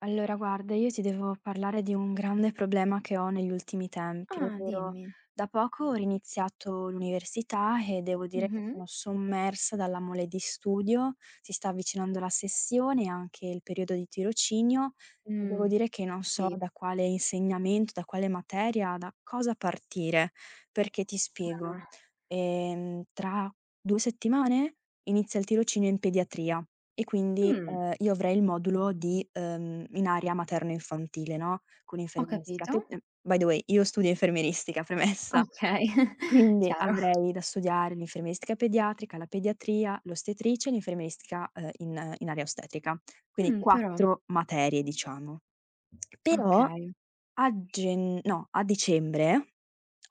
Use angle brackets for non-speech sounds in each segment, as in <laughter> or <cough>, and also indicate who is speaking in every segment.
Speaker 1: Allora guarda, io ti devo parlare di un grande problema che ho negli ultimi tempi,
Speaker 2: Ah,
Speaker 1: ovvero
Speaker 2: dimmi.
Speaker 1: da poco ho riniziato l'università e devo dire che sono
Speaker 2: Mh-mh.
Speaker 1: sommersa dalla mole di studio. Si sta avvicinando la sessione e anche il periodo di tirocinio e devo
Speaker 2: Mh,
Speaker 1: dire che non so
Speaker 2: capi
Speaker 1: da quale insegnamento, da quale materia, da cosa partire. Perché ti spiego:
Speaker 2: eh.
Speaker 1: ehm, tra 2 settimane inizia il tirocinio in pediatria e quindi,
Speaker 2: Mh.
Speaker 1: ehm, io avrei il modulo di, ehm, in area materno infantile, no, con
Speaker 2: Ho
Speaker 1: infermieristica, che,
Speaker 2: capito.
Speaker 1: mhmm, by the way, io studio infermieristica, premessa.
Speaker 2: Okay, <chuckles>
Speaker 1: Quindi
Speaker 2: chiaro.
Speaker 1: avrei da studiare l'infermieristica pediatrica, la pediatria, l'ostetricia e l'infermieristica, uhm, in in area ostetrica, quindi
Speaker 2: Mh, però!
Speaker 1: 4 materie diciamo. Però
Speaker 2: Okay.
Speaker 1: a genn no, a dicembre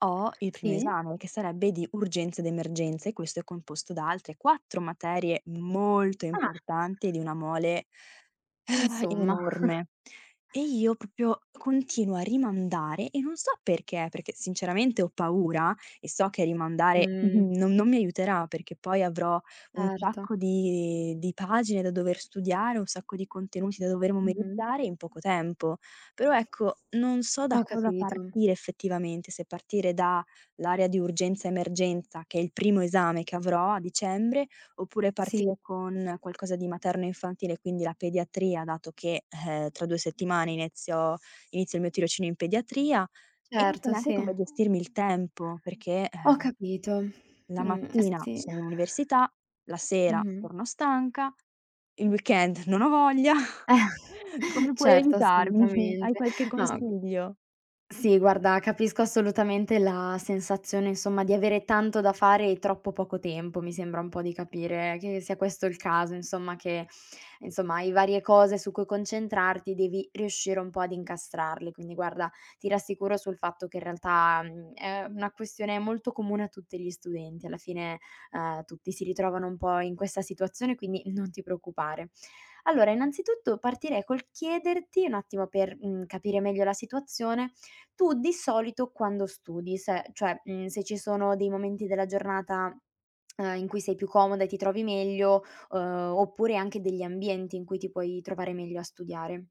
Speaker 1: ho il primo
Speaker 2: Sì.
Speaker 1: esame. che sarebbe di urgenza ed emergenza e questo è composto da altre 4 materie molto
Speaker 2: Ah!
Speaker 1: importanti e di una mole <exhales>
Speaker 2: Insomma. <chuckles>
Speaker 1: enorme. E io proprio continuo a rimandare e non so perché. Perché sinceramente ho paura e so che rimandare n
Speaker 2: Mh.
Speaker 1: non non mi aiuterà, perché poi avrò un
Speaker 2: Erto.
Speaker 1: sacco di di pagine da dover studiare, un sacco di contenuti da dover
Speaker 2: Mh-mh.
Speaker 1: memorizzare in poco tempo. Però ecco, non so da
Speaker 2: Ho
Speaker 1: cosa
Speaker 2: capito.
Speaker 1: partire effettivamente, se partire da l'area di urgenza emergenza, che è il primo esame che avrò a dicembre, oppure
Speaker 2: Sì.
Speaker 1: partire con qualcosa di materno infantile, quindi la pediatria, dato che, ehm, tra 2 settimane inizio- inizio il mio tirocinio in pediatria. E non so
Speaker 2: Certo,
Speaker 1: neanche
Speaker 2: sì.
Speaker 1: come gestirmi il tempo, perché,
Speaker 2: Ho
Speaker 1: ehm,
Speaker 2: capito.
Speaker 1: la
Speaker 2: Mh.
Speaker 1: mattina
Speaker 2: Sì.
Speaker 1: sono in università, la sera
Speaker 2: Mh-mh.
Speaker 1: torno stanca, il weekend non ho voglia.
Speaker 2: <chuckles>
Speaker 1: <chuckles> Come puoi
Speaker 2: Certo,
Speaker 1: aiutarmi? Hai
Speaker 2: assolutamente.
Speaker 1: qualche
Speaker 2: No, mhmm,
Speaker 1: consiglio?
Speaker 2: sì guarda capisco assolutamente la sensazione insomma di avere tanto da fare e troppo poco tempo, mi sembra un po' di capire che sia questo il caso, insomma, che insomma, hai varie cose su cui concentrarti, devi riuscire un po' ad incastrarle. Quindi guarda, ti rassicuro sul fatto che in realtà, mhmm, è una questione molto comune a tutti gli studenti. Alla fine, uhm, tutti si ritrovano un po' in questa situazione, quindi non ti preoccupare. Allora innanzitutto partirei col chiederti, un attimo, per, mhmm, capire meglio la situazione, tu di solito quando studi. Se cioè, mhmm, se ci sono dei momenti della giornata, uhm, in cui sei più comoda e ti trovi meglio, uhm, oppure anche degli ambienti in cui ti puoi trovare meglio a studiare.